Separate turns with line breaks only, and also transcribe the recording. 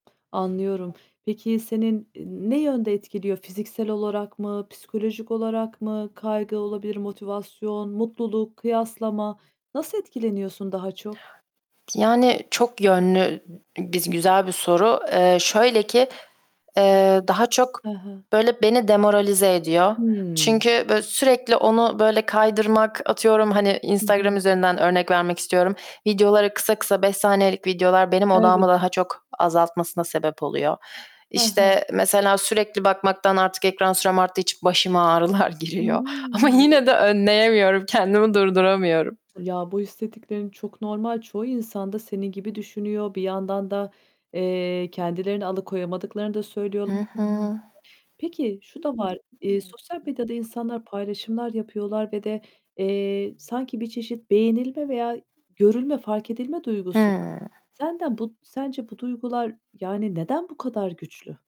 Anlıyorum. Peki senin, eee, ne yönde etkiliyor, fiziksel olarak mı, psikolojik olarak mı? Kaygı olabilir; motivasyon, mutluluk, kıyaslama, nasıl etkileniyorsun daha çok?
Yani çok yönlü biz güzel bir soru. Eee, şöyle ki, eee, daha çok,
Hı hı.
böyle beni demoralize ediyor.
Hımm.
Çünkü, böyle sürekli onu, böyle kaydırmak, atıyorum, hani,
Hı
Instagram
hı.
üzerinden örnek vermek istiyorum, videoları kısa kısa, 5 saniyelik videolar benim
Evet.
odağımı daha çok azaltmasına sebep oluyor.
Hı hı.
İşte, mesela sürekli bakmaktan artık ekran sürem arttığı için başıma ağrılar giriyor ama
Hıı, evet.
yine de önleyemiyorum, kendimi durduramıyorum.
Ya, bu hissettiklerin çok normal. Çoğu insan da senin gibi düşünüyor. Bir yandan da, eee, kendilerini alıkoyamadıklarını da söylüyor
Hı hı.
[unintelligible] Peki şu da var. Eee, sosyal medyada insanlar paylaşımlar yapıyorlar ve de, eee, sanki bir çeşit beğenilme veya görülme, fark edilme duygusu var.
Hıı.
Senden bu sence bu duygular yani neden bu kadar güçlü?